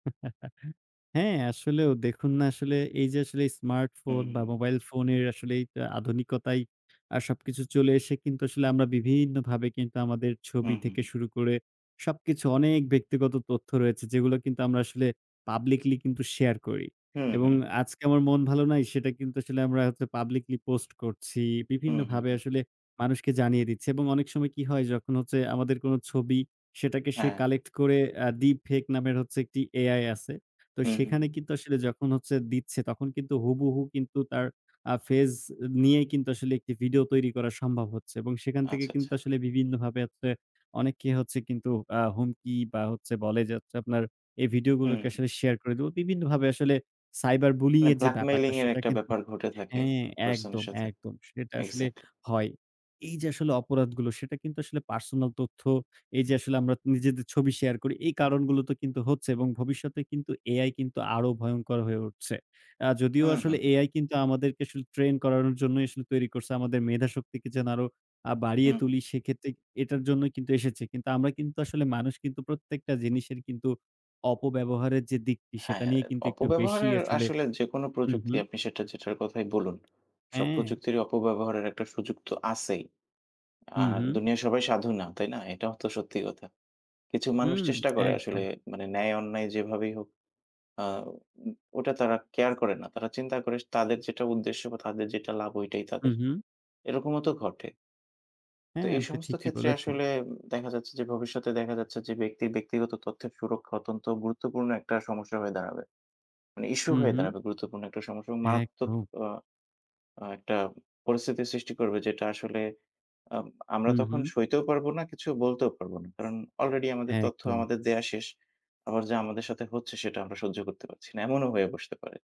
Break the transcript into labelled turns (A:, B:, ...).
A: হ্যাঁ, আসলেও দেখুন না আসলে এই যে আসলে
B: হুম,
A: স্মার্টফোন বা
B: হুম।
A: মোবাইল ফোনের আসলে এই আধুনিকতায় আ সবকিছু চলে এসে কিন্তু আসলে আমরা বিভিন্নভাবে কিন্তু আমাদের
B: হুম,
A: ছবি
B: হুম।
A: থেকে শুরু করে সবকিছু অনেক ব্যক্তিগত তথ্য রয়েছে, যেগুলো কিন্তু আমরা আসলে পাবলিকলি কিন্তু শেয়ার করি।
B: হুম,
A: এবং
B: হুম।
A: আজকে আমার মন ভালো নাই সেটা কিন্তু আসলে আমরা হচ্ছে পাবলিকলি পোস্ট করছি।
B: হুম,
A: বিভিন্নভাবে
B: হুম।
A: আসলে মানুষকে জানিয়ে দিচ্ছি। এবং অনেক সময় কি হয়? যখন হচ্ছে আমাদের কোনো ছবি সেটাকে সে
B: হ্যাঁ।
A: কালেক্ট করে আ ডিপ ফেক নামের হচ্ছে একটি AI আছে। তো
B: হুম, হুম।
A: সেখানে কিন্তু আসলে যখন দিচ্ছে তখন কিন্তু হুবুহু কিন্তু তার আ ফেস নিয়েই কিন্তু আসলে একটি ভিডিও তৈরি করা সম্ভব হচ্ছে। এবং সেখান থেকে
B: আচ্ছা,
A: কিন্তু
B: আচ্ছা।
A: আসলে বিভিন্নভাবে হচ্ছে অনেককে হচ্ছে কিন্তু আ হুমকি বা হচ্ছে বলে যে হচ্ছে আপনার, "এই ভিডিও
B: হুম।
A: গুলোকে আসলে শেয়ার করে দিবো।" বিভিন্নভাবে আসলে সাইবার বুলিং
B: মানে
A: এর যে ব্যাপারটা
B: ব্ল্যাকমেইলিং এর
A: সেটা
B: একটা
A: কিন্তু
B: ব্যাপার ঘটে থাকে
A: হ্যাঁ,
B: পারসন এর
A: একদম,
B: সাথে।
A: একদম। সেটা আসলে
B: এক্সাক্টলি।
A: হয়। এই যে আসলে অপরাধগুলো সেটা কিন্তু আসলে পার্সোনাল তথ্য, এই যে আসলে আমরা নিজেদের ছবি শেয়ার করি। এই কারণগুলো তো কিন্তু হচ্ছে এবং ভবিষ্যতে কিন্তু AI কিন্তু আরো ভয়ংকর হয়ে উঠছে। আ যদিও
B: হুম,
A: আসলে
B: হুম।
A: AI কিন্তু আসলে আমাদেরকে ট্রেন করানোর জন্যই আসলে তৈরি করছে। আমাদের মেধা শক্তিকে যেন আরো আ বাড়িয়ে
B: হুম, হুম।
A: তুলি সেক্ষেত্রে এটার জন্যই কিন্তু এসেছে। কিন্তু আমরা কিন্তু আসলে মানুষ কিন্তু প্রত্যেকটা জিনিসের কিন্তু অপব্যবহারের যে দিকটি সেটা
B: হ্যাঁ,
A: নিয়ে কিন্তু একটু বেশি
B: অপব্যবহারের
A: আসলে
B: আসলে যেকোনো
A: হু,
B: প্রযুক্তি
A: হু।
B: আপনি সেটা যেটার কথাই বলুন। সব
A: হ্যাঁ।
B: প্রযুক্তির অপব্যবহারের একটা সুযোগ তো আছেই।
A: হুম,
B: আর
A: হুম।
B: দুনিয়ার সবাই সাধু না, তাই না? এটাও তো সত্যি কথা। কিছু মানুষ
A: হুম।
B: চেষ্টা করে আসলে
A: একদম।
B: মানে ন্যায় অন্যায় যেভাবেই হোক আ উ ওটা তারা কেয়ার করে না। তারা চিন্তা করে তাদের যেটা উদ্দেশ্য বা তাদের যেটা লাভ ওটাই
A: হু,
B: তাদের।
A: হু।
B: এরকমও তো ঘটে তো
A: হ্যাঁ,
B: এই
A: আপনি
B: সমস্ত
A: ঠিকই
B: ক্ষেত্রে
A: বলেছেন।
B: আসলে উ দেখা যাচ্ছে যে ভবিষ্যতে দেখা যাচ্ছে যে, ব্যক্তির ব্যক্তিগত তথ্যের সুরক্ষা অত্যন্ত গুরুত্বপূর্ণ একটা সমস্যা হয়ে দাঁড়াবে। মানে ইশ্যু
A: হু,
B: হয়ে
A: হু।
B: দাঁড়াবে গুরুত্বপূর্ণ একটা সমস্যা এবং মারাত্মক
A: একদম।
B: অ আ একটা পরিস্থিতি সৃষ্টি করবে যেটা আসলে আম আমরা
A: হুম,
B: তখন
A: হুম।
B: সইতেও পারবো না, কিছু বলতেও পারব না। কারণ অলরেডি আমাদের তথ্য
A: একদম।
B: আমাদের দেওয়া শেষ। আবার যা আমাদের সাথে হচ্ছে, সেটা আমরা সহ্য করতে পারছি না। এমনও হয়ে বসতে পারে।